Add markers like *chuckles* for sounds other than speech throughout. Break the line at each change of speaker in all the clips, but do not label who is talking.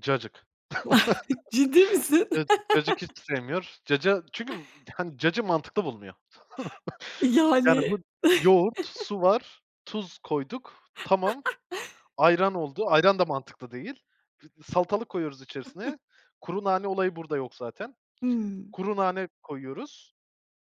Cacık.
*chuckles* Ciddi misin?
*chuckles* Cacık, cacık hiç
*laughs*
sevmiyor. Caca çünkü, ımm, hani, cacığı mantıklı bulmuyor. *chuckles* Yani,
Yani.
bu yoğurt,
*chuckles*
su var, tuz koyduk, tamam.
*chuckles*
Ayran oldu. Ayran da mantıklı değil. Fıt salatalık koyuyoruz içerisine.
*chuckles*
Kuru nane olayı burada yok zaten.
Hıı.
Kuru nane koyuyoruz.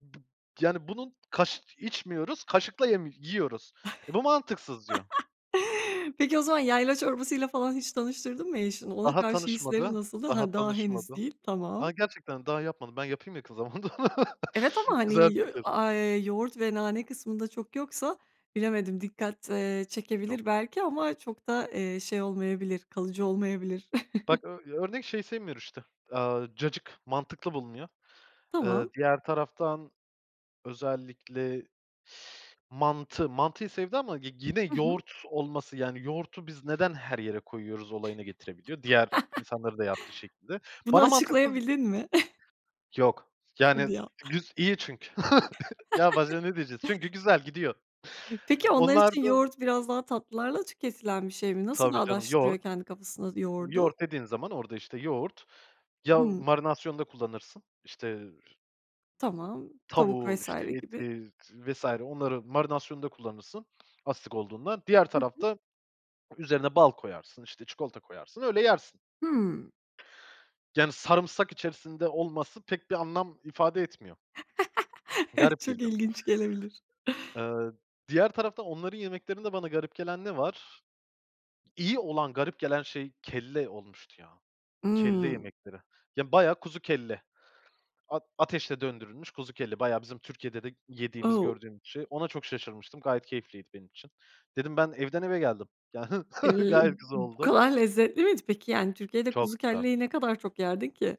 B yani, bunun kaş içmiyoruz, kaşıkla yemi yiyoruz. "E, bu mantıksız" diyor.
*laughs* Peki, o zaman yayla çorbasıyla falan hiç tanıştırdın mı eşini? Ona
Daha
karşı hisleri
tanışmadı
nasıldı?
daha
Hıı, daha, henüz
tanışmadı.
değil. Tamam.
A, gerçekten, daha yapmadım. Ben yapayım ya kıza bunu da. *chuckles*
Evet ama, hani,
Güzel
ya,
fikir.
a eee, yoğurt ve nane kısmında çok yoksa, bilemedim dikkat, eee, çekebilir
*unintelligible*
belki ama çok da, eee, şey olmayabilir, kalıcı olmayabilir.
Bak,
*chuckles*
ö örnek şeyi sevmiyor işte, eee, cacık. Mantıklı bulmuyor. Eee,
Tamam.
diğer taraftan özellikle *inhales* mantı mantıyı sevdi ama g gine
Hı hı.
yoğurt olması, yani, yoğurdu biz neden her yere koyuyoruz olayına getirebiliyor, diğer
*laughs*
insanların da yaptığı şekilde.
Bunu
Bana mantıksız
açıklayabildin mi? *chuckles*
Yok, yani,
Hadi ya. *chuckles*
güz iyi çünkü. *chuckles* Ya başka
*laughs*
ne diyeceğiz? Çünkü güzel, gidiyor.
Peki, onlar için
Onlarda
yoğurt biraz daha tatlılarla tüketilen bir şey mi? Nasıl
Tabii canım.
bağdaştırıyor
Yoğurt
kendi kafasında yoğurdu?
yoğurt dediğin zaman orada, işte, yoğurt ya
Hıı.
marinasyonda kullanırsın, işte
Tamam, tavuk
tavuğu,
vs.
işte
gibi.
eti z vs. onların marinasyonunda kullanırsın, asidik olduğundan. Diğer
Hı hı.
tarafta üzerine bal koyarsın, işte, çikolata koyarsın, öyle yersin.
Hıı.
Yani, sarımsak içerisinde olması, pek bir anlam ifade etmiyor.
*chuckles* Evet,
Garip
çok
geliyor.
ilginç gelebilir.
Eee, diğer tarafta onların yemeklerinde bana garip gelen ne var? İyi olan garip gelen şey, kelle olmuştu, ya. Kelle
Imm.
yemekleri. Ya, bayağı kuzu kelle. At ateşte döndürülmüş kuzu kelle. Bayağı bizim Türkiye'de de g yediğimiz
O!
gördüğümüz şey. Ona çok şaşırmıştım, gayet keyifliydi benim için. Dedim, "Ben evden eve geldim." Ya hıh! *chuckles*
Iıı, b
Gayet güzel
bu
oldu.
kadar lezzetli miydi peki? Yani, Türkiye'de
Çok
kuzu
güzel.
kelleyi ne kadar çok yerdin ki?